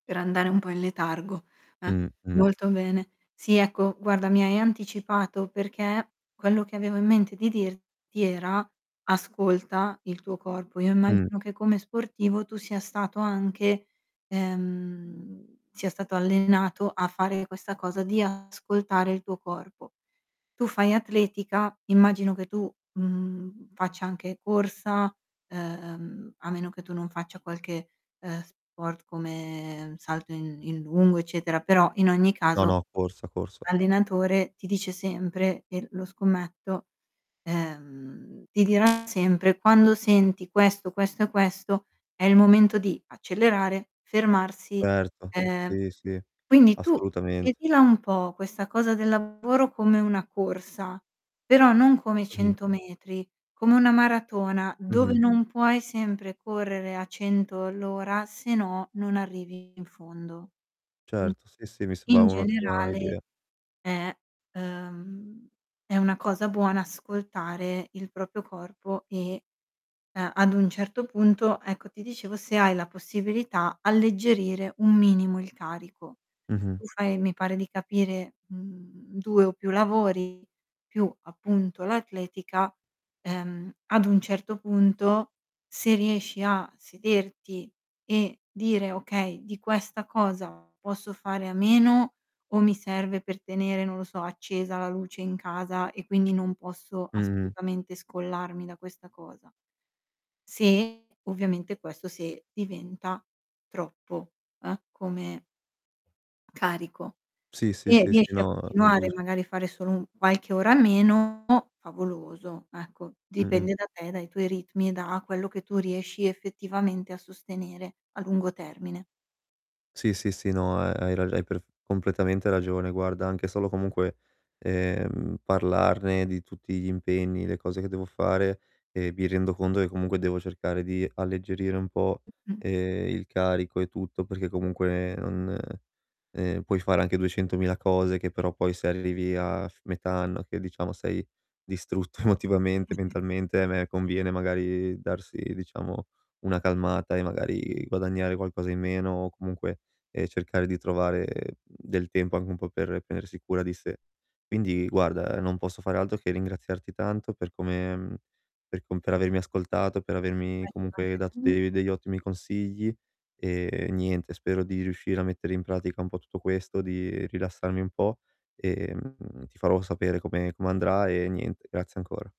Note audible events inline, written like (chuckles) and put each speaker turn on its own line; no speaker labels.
Per andare un po' in letargo, eh,
Mh, mh.
molto bene. Sì, ecco, guarda mi hai anticipato perché quello che avevo in mente di dirti era: ascolta il tuo corpo. Io
Mh.
immagino che come sportivo tu sia stato anche ehm, sia stato allenato a fare questa cosa di ascoltare il tuo corpo. Tu fai atletica, immagino che tu, mhmm, faccia anche corsa, ehm, a meno che tu non faccia qualche, ehm, sport come salto in in lungo eccetera, però in ogni
No
caso
no, corsa, corsa.
l'allenatore ti dice sempre, e lo scommetto ehm, ti dirà sempre: "Quando senti questo, questo e questo, è il momento di accelerare, fermarsi."
Certo,
Ehm,
sì, sì
quindi, tu
assolutamente.
vedila un po' questa cosa del lavoro, come una corsa, però non come i
Mh-mh.
100 metri, come una maratona dove
Mh-mh.
non puoi sempre correre a 100 all'ora se no non arrivi in fondo. Mh.
Certo, sì, sì, mi sembra
In
un'ottima
generale,
idea.
è uhm, è una cosa buona ascoltare il proprio corpo e, ehm, ad un certo punto, ecco, ti dicevo se hai la possibilità alleggerire un minimo il carico.
Mh-mh.
Tu fai, mi pare di capire, mhmm, 2 o più lavori più, appunto, l'atletica, ehm, ad un certo punto se riesci a sederti e dire: "Okay, di questa cosa, posso fare a meno o mi serve per tenere, non lo so, accesa la luce in casa e quindi non posso
Mh-mh.
assolutamente scollarmi da questa cosa?" Se ovviamente, questo se diventa troppo, eh, come carico.
Sì, sì,
Se
sì, sì,
riesci a
no, è
continuare,
giu
e magari a fare solo u qualche ora meno favoloso, ecco,
Mh-mh.
dipende da te, dai tuoi ritmi e da quello che tu riesci effettivamente a sostenere a lungo termine.
Sì, sì, sì, no, ehm, hai rag hai perf completamente ragione. Guarda, anche solo comunque, ehm, parlarne di tutti gli impegni, le cose che devo fare, ehm, mi rendo conto che comunque devo cercare di alleggerire un po',
Mh-mh.
ehm, il carico e tutto perché comunque non ehm, puoi fare anche duecentomila cose che però poi se arrivi a f metà anno che, diciamo, sei distrutto emotivamente,
(chuckles)
mentalmente, a me conviene magari darsi diciamo una calmata e magari guadagnare qualcosa in meno o comunque, ehm, cercare di trovare del tempo anche un po' per prendersi cura di sé. Quindi, guarda, non posso fare altro che ringraziarti tanto per come mhmm, per com per avermi ascoltato, per
Ma
avermi
ci
comunque dato
mancherebbe.
de degli ottimi consigli, ehm, e niente spero di riuscire a mettere in pratica un po' tutto questo, di rilassarmi un po' e, mhmm, ti farò sapere come come andrà e niente, grazie ancora.